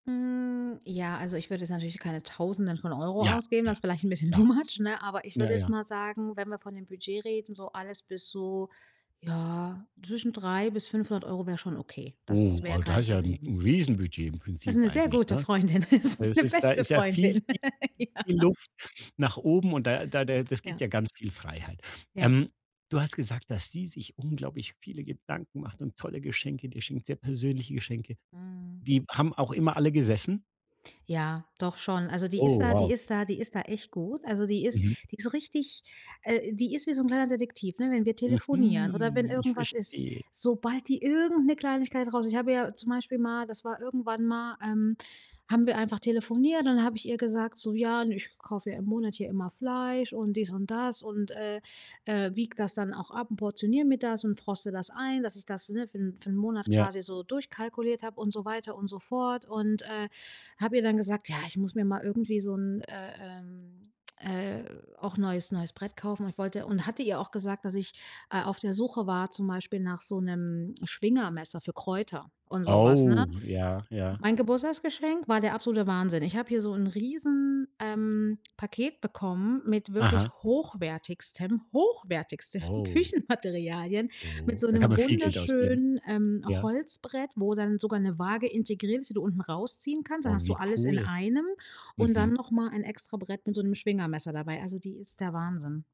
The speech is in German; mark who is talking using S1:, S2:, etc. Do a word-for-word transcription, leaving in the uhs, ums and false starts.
S1: Hm, ja, also ich würde jetzt natürlich keine Tausenden von Euro
S2: Ja,
S1: ausgeben.
S2: ja,
S1: Das ist vielleicht 'n bisschen too
S2: klar.
S1: much, ne? Aber ich
S2: Ja,
S1: würde jetzt
S2: ja.
S1: mal sagen, wenn wir von 'nem Budget reden, so alles bis so, ja, zwischen drei bis fünfhundert Euro wäre schon okay. Das
S2: Oh,
S1: wäre
S2: ah, das
S1: kein
S2: ist ja 'n
S1: Problem.
S2: 'n Riesenbudget im
S1: Das ist
S2: Prinzip
S1: 'ne sehr
S2: eigentlich,
S1: gute
S2: ne?
S1: Freundin ist,
S2: Das
S1: meine
S2: ist da
S1: beste
S2: ist ja viel
S1: Freundin.
S2: viel viel
S1: Ja.
S2: Luft nach oben und da da da das gibt
S1: Ja.
S2: ja ganz viel Freiheit.
S1: Ja.
S2: Ähm, du hast gesagt, dass sie sich unglaublich viele Gedanken macht und tolle Geschenke dir schenkt, sehr persönliche Geschenke.
S1: Mhm.
S2: Die haben auch immer alle gesessen?
S1: Ja, doch schon. Also, die ist
S2: Oh
S1: da die
S2: wow.
S1: ist da die ist da echt gut. Also, die ist
S2: Mhm.
S1: die ist richtig äh, die ist wie so 'n kleiner Detektiv, ne? Wenn wir telefonieren oder wenn
S2: Mhm. Ich
S1: irgendwas ist,
S2: verstehe.
S1: sobald die irgend 'ne Kleinigkeit rauskriegt, ich habe ihr zum Beispiel mal das war irgendwann mal, ähm, haben wir einfach telefoniert und dann hab ich ihr gesagt, so: „Ja, n ich kaufe ja im Monat hier immer Fleisch und dies und das“ und, äh, äh, wiege das dann auch ab und portioniere mir das und froste das ein, dass ich das, ne, für 'n für 'n Monat
S2: Ja.
S1: quasi so durchkalkuliert habe und so weiter und so fort. Und, äh, habe ihr dann gesagt: „Ja, ich muss mir mal irgendwie so 'n, äh, ähm, äh, auch neues neues Brett kaufen“, weil ich wollte und hatte ihr auch gesagt, dass ich, äh, auf der Suche war zum Beispiel nach so 'nem Schwingermesser für Kräuter und so was, ne?
S2: Oh, ja, ja.
S1: Mein Geburtstagsgeschenk war der absolute Wahnsinn. Ich habe hier so 'n riesen, ähm, Paket bekommen mit wirklich
S2: Aha.
S1: hochwertigstem, hochwertigsten
S2: Oh.
S1: Küchenmaterialien, mit
S2: Oh.
S1: so
S2: Da kann
S1: 'nem
S2: man viel Geld ausgeben.
S1: wunderschönen, ähm,
S2: Ja.
S1: Holzbrett, wo dann sogar 'ne Waage integriert ist, die du unten rausziehen kannst. Dann
S2: Oh,
S1: hast du
S2: wie
S1: alles in
S2: cool.
S1: einem. Und dann
S2: Mhm.
S1: noch mal ein Extrabrett mit so 'nem Schwingermesser dabei. Also, die ist der Wahnsinn.